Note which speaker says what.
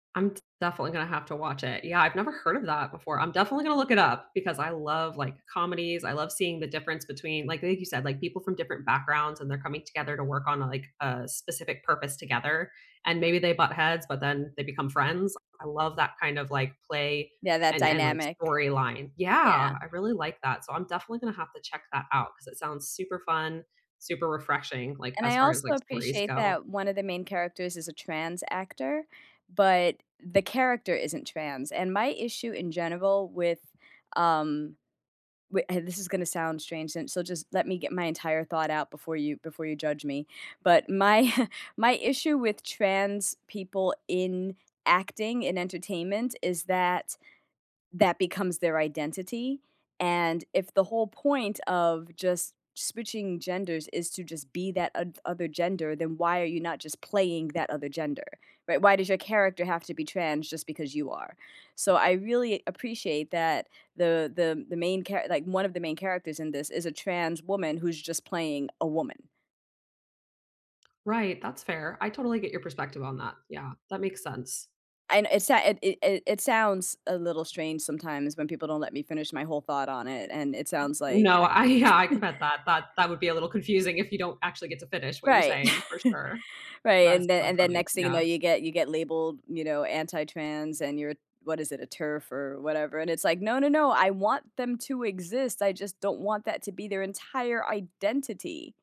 Speaker 1: I'm d definitely gonna have to watch it, yeah, I've never heard of that before, I'm definitely gonna look it up because I love, like, comedies, I love seeing the difference between, like like you said, like, people from different backgrounds, and they're coming together to work on, like, a specific purpose together, and maybe they butt heads, but then they become friends, I love that kind of, like, play,
Speaker 2: Yeah, that
Speaker 1: and and, like,
Speaker 2: dynamic.
Speaker 1: storyline. Yeah,
Speaker 2: Yeah.
Speaker 1: I really like that, so I'm definitely gonna have to check that out 'cause it sounds super fun, super refreshing, like,
Speaker 2: And, I
Speaker 1: as far as,
Speaker 2: also
Speaker 1: like, stories
Speaker 2: appreciate
Speaker 1: go.
Speaker 2: that one of the main characters is a trans actor, but the character isn't trans, and my issue in general with, um, wi uh, this is gonna sound strange, and so just let me get my entire thought out before you before you judge me, but my my issue with trans people in acting, in entertainment, is that, that becomes their identity, and if the whole point of just switching genders is to just be that oth other gender, then why are you not just playing that other gender, right? Why does your character have to be trans just because you are, so, I really appreciate that the the the main char like, one of the main characters in this is a trans woman who's just playing a woman.
Speaker 1: Right, that's fair, I totally get your perspective on that, yeah, that makes sense.
Speaker 2: And, it's not it it it sounds a little strange sometimes when people don't let me finish my whole thought on it, and it sounds like
Speaker 1: No, I yeah. I can bet that that that would be a little confusing if you don't actually get to finish what you're
Speaker 2: Right,
Speaker 1: saying for sure.
Speaker 2: right,
Speaker 1: That is
Speaker 2: and then
Speaker 1: so
Speaker 2: and then
Speaker 1: funny,
Speaker 2: next thing you know,
Speaker 1: yeah.
Speaker 2: you get you get labeled, you know, anti-trans, and you're what is it? A TERF or whatever, and it's like, "No, no, no. I want them to exist, I just don't want that to be their entire identity."